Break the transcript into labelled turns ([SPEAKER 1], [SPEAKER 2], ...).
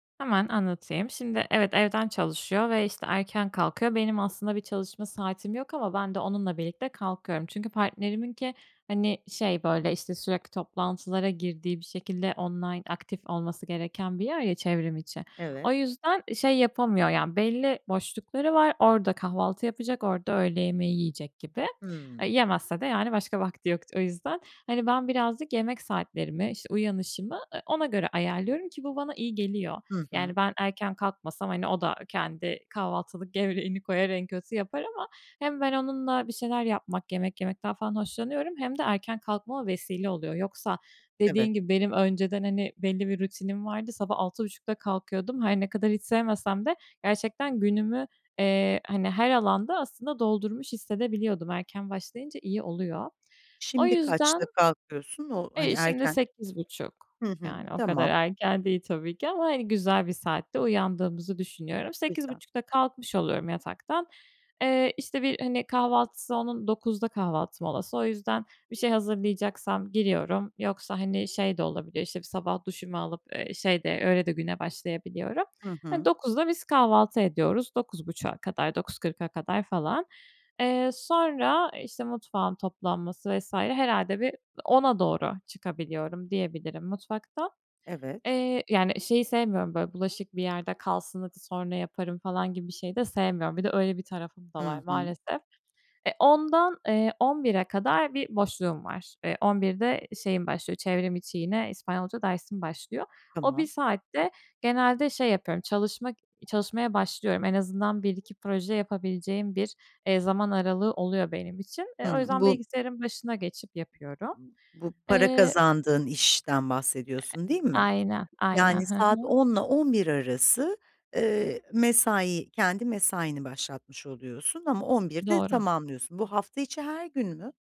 [SPEAKER 1] Hemen anlatayım. Şimdi, evet, evden çalışıyor ve, işte, erken kalkıyor. Benim, aslında bir çalışma saatim yok, ama ben de, onunla birlikte kalkıyorum. Çünkü partneriminki, hani, şey böyle, işte, sürekli toplantılara girdiği, bir şekilde online, aktif olması gereken bir yer ya: çevrim içi. O
[SPEAKER 2] Evet.
[SPEAKER 1] yüzden, şey yapamıyor, yani, belli boşlukları var. Orada kahvaltı yapacak, orada öğle yemeği yiyecek gibi. Eee,
[SPEAKER 2] Hımm.
[SPEAKER 1] yemezse de, yani başka vakti yok o yüzden. Hani, ben birazcık yemek saatlerimi, işte uyanışımı, eee, ona göre ayarlıyorum, ki bu bana iyi geliyor.
[SPEAKER 2] Hı hı.
[SPEAKER 1] Yani ben, erken kalkmasam, hani, o da kendi kahvaltılık gevreğini koyar, en kötü yapar ama, hem ben onunla bir şeyler yapmak, yemek yemekten falan hoşlanıyorum, hem de erken kalkmama vesile oluyor. Yoksa,
[SPEAKER 2] Evet.
[SPEAKER 1] dediğin gibi, benim önceden, hani, belli bir rutinim vardı. Sabah 06.30'da kalkıyordum. Her ne kadar hiç sevmesem de, gerçekten günümü, eee, hani her alanda, aslında doldurmuş hissedebiliyordum. Erken başlayınca iyi oluyor. O
[SPEAKER 2] Şimdi
[SPEAKER 1] yüzden
[SPEAKER 2] kaçta kalkıyorsun? O, hani
[SPEAKER 1] Eee, şimdi
[SPEAKER 2] erken?
[SPEAKER 1] 08.30
[SPEAKER 2] Hı hı,
[SPEAKER 1] yani, o kadar
[SPEAKER 2] tamam.
[SPEAKER 1] erken değil tabii ki, ama, hani, güzel bir saatte uyandığımızı düşünüyorum. sekiz
[SPEAKER 2] Lütfen.
[SPEAKER 1] buçukta kalkmış oluyorum yataktan. Eee, işte, bir, hani, kahvaltısı onun 09.00'da kahvaltı molası. O yüzden, bir şey hazırlayacaksam, giriyorum. Yoksa, hani, şey de olabiliyor işte, bir sabah duşumu alıp, eee, şey de, öyle de güne başlayabiliyorum.
[SPEAKER 2] Hı
[SPEAKER 1] Hani,
[SPEAKER 2] hı.
[SPEAKER 1] 09.00'da biz kahvaltı ediyoruz. 09.30'a kadar, 09.40'a kadar falan. Eee, sonra işte mutfağın toplanması vs. herhâlde bir, 10.00'a doğru çıkabiliyorum diyebilirim, mutfaktan.
[SPEAKER 2] Evet.
[SPEAKER 1] Eee, yani, şeyi sevmiyorum, böyle, bulaşık bir yerde kalsın, hadi sonra yaparım falan gibi bir şey de sevmiyorum. Bir de, öyle bir tarafım da var
[SPEAKER 2] Hı hı.
[SPEAKER 1] maalesef. E, 10.00'dan eee, 11.00'e kadar bir boşluğum var. Eee, 11.00'de de şeyim başlıyor, çevrim içi, yine İspanyolca dersim başlıyor. O 1
[SPEAKER 2] Tamam.
[SPEAKER 1] saatte genelde şey yapıyorum, çalışmak çalışmaya başlıyorum. En azından 1-2 proje yapabileceğim bir, eee, zaman aralığı oluyor benim için. Eee, o
[SPEAKER 2] Hımm.
[SPEAKER 1] yüzden
[SPEAKER 2] Bu
[SPEAKER 1] bilgisayarın başına geçip yapıyorum.
[SPEAKER 2] Bu para
[SPEAKER 1] Eee
[SPEAKER 2] kazandığın işten,
[SPEAKER 1] Eee,
[SPEAKER 2] bahsediyorsun değil mi?
[SPEAKER 1] aynen, aynen.
[SPEAKER 2] Yani
[SPEAKER 1] Hı
[SPEAKER 2] saat
[SPEAKER 1] hı.
[SPEAKER 2] 10.00'la 11.00 arası, eee, mesai, kendi mesaini başlatmış oluyorsun, ama 11.00'de
[SPEAKER 1] Doğru.
[SPEAKER 2] tamamlıyorsun. Bu hafta içi her gün mü?